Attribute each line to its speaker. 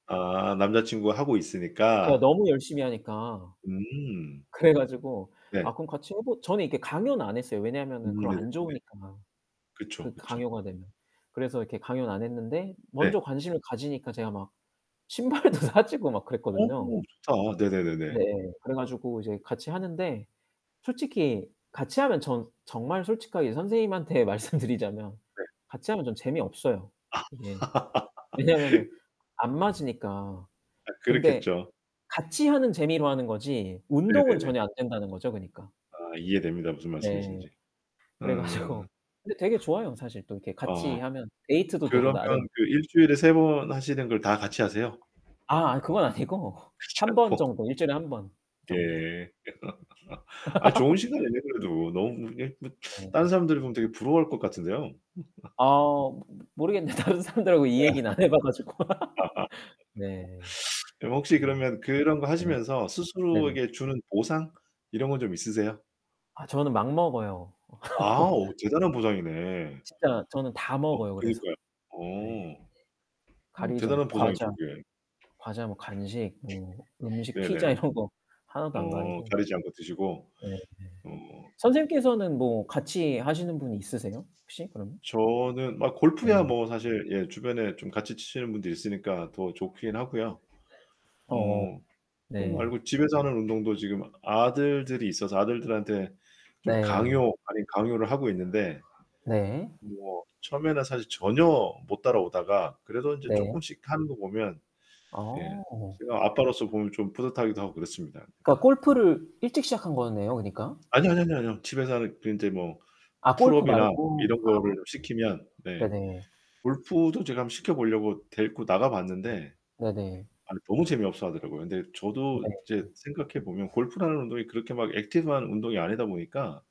Speaker 1: 아, 남자 친구가 하고
Speaker 2: 제가
Speaker 1: 있으니까.
Speaker 2: 너무 열심히 하니까.
Speaker 1: 음.
Speaker 2: 그래 가지고
Speaker 1: 네.
Speaker 2: "아, 그럼 같이 해보" 저는 이렇게 강요는 안 했어요. 왜냐면은
Speaker 1: 음
Speaker 2: 그럼
Speaker 1: 네네네네.
Speaker 2: 안 좋으니까.
Speaker 1: 그쵸,
Speaker 2: 그
Speaker 1: 그쵸.
Speaker 2: 강요가 되면. 그래서 이렇게 강요는 안 했는데
Speaker 1: 네.
Speaker 2: 먼저 관심을 가지니까 제가 막 신발도 사주고 막
Speaker 1: 어
Speaker 2: 그랬거든요.
Speaker 1: 좋다.
Speaker 2: 네,
Speaker 1: 네네네네.
Speaker 2: 그래 가지고 이제 같이 하는데 솔직히 같이 하면 전 정말 솔직하게 선생님한테 말씀 드리자면
Speaker 1: 네.
Speaker 2: 같이 하면 전 재미없어요,
Speaker 1: 아.
Speaker 2: 이게. 왜냐면은 안 맞으니까.
Speaker 1: 아,
Speaker 2: 근데
Speaker 1: 그렇겠죠.
Speaker 2: 같이 하는 재미로 하는 거지 운동은
Speaker 1: 네네네.
Speaker 2: 전혀 안된다는 거죠, 그니까.
Speaker 1: 아, 이해됩니다. 무슨
Speaker 2: 네.
Speaker 1: 말씀이신지.
Speaker 2: 그래 가지고
Speaker 1: 음.
Speaker 2: 근데 되게 좋아요. 사실 또 이렇게
Speaker 1: 아.
Speaker 2: 같이 하면 데이트도 되고
Speaker 1: 그러면
Speaker 2: 나름.
Speaker 1: 그 일주일에 3 번 하시는 걸 다 같이 하세요?
Speaker 2: 아, 아 그건 아니고
Speaker 1: 그렇지
Speaker 2: 1 번
Speaker 1: 않고.
Speaker 2: 정도. 1 주일에 1 번 정도.
Speaker 1: 예. 아, 좋은 시간이네 그래도. 너무 이게 뭐
Speaker 2: 네.
Speaker 1: 딴 사람들 보면 되게 부러워할 것 같은데요.
Speaker 2: 아. 모 모 모르겠네. 다른 사람들하고 이
Speaker 1: 음 아.
Speaker 2: 얘기는 안 해 봐 가지고.
Speaker 1: 아하.
Speaker 2: 네.
Speaker 1: 그럼 혹시
Speaker 2: 어.
Speaker 1: 그러면 그런 거
Speaker 2: 네.
Speaker 1: 하시면서
Speaker 2: 네네.
Speaker 1: 스스로에게 주는 보상 이런 거 좀 있으세요?
Speaker 2: 아, 저는 막 먹어요.
Speaker 1: 아. 오, 대단한 보상이네.
Speaker 2: 진짜 저는 다
Speaker 1: 어,
Speaker 2: 먹어요, 그래서.
Speaker 1: 그니까요.
Speaker 2: 네.
Speaker 1: 어. 어,
Speaker 2: 가리지
Speaker 1: 대단한
Speaker 2: 않고 과자
Speaker 1: 보상이죠 그게.
Speaker 2: 과자 뭐 간식 뭐 음식 피자
Speaker 1: 네네네.
Speaker 2: 이런 거 하나도 안
Speaker 1: 어,
Speaker 2: 가리고.
Speaker 1: 가리지 않고 드시고.
Speaker 2: 네.
Speaker 1: 어.
Speaker 2: 선생님께서는 뭐 같이 하시는 분이 있으세요? 혹시 그러면?
Speaker 1: 저는 아, 골프야
Speaker 2: 네.
Speaker 1: 뭐 사실 예 주변에 좀 같이 치시는 분들이 있으니까 더 좋긴 하고요.
Speaker 2: 어
Speaker 1: 어. 그거
Speaker 2: 네.
Speaker 1: 말고 집에서 하는 운동도 지금 아들들이 있어서 아들들한테 좀
Speaker 2: 네.
Speaker 1: 강요 아닌 강요를 하고 있는데
Speaker 2: 네.
Speaker 1: 뭐 처음에는 사실 전혀 못 따라오다가 그래도 인제
Speaker 2: 네.
Speaker 1: 쪼끔씩 하는 거 보면 예
Speaker 2: 아.
Speaker 1: 제가 아빠로서 보면 좀 뿌듯하기도 하고 그렇습니다.
Speaker 2: 그러니까 골프를 일찍 시작한 거네요, 그니까.
Speaker 1: 아뇨, 아뇨, 아뇨, 아뇨. 집에서 하는 그 인제 뭐
Speaker 2: 아 골프
Speaker 1: 풀업이나
Speaker 2: 말고.
Speaker 1: 이런
Speaker 2: 아.
Speaker 1: 거를 시키면 네
Speaker 2: 네네.
Speaker 1: 골프도 제가 한번 시켜 보려고 데리고 나가 봤는데
Speaker 2: 네네.
Speaker 1: 아니 너무 재미없어하더라고요. 근데 저도 이제
Speaker 2: 네.
Speaker 1: 생각해 보면 골프라는 운동이 그렇게 막 액티브 한 운동이 아니다 보니까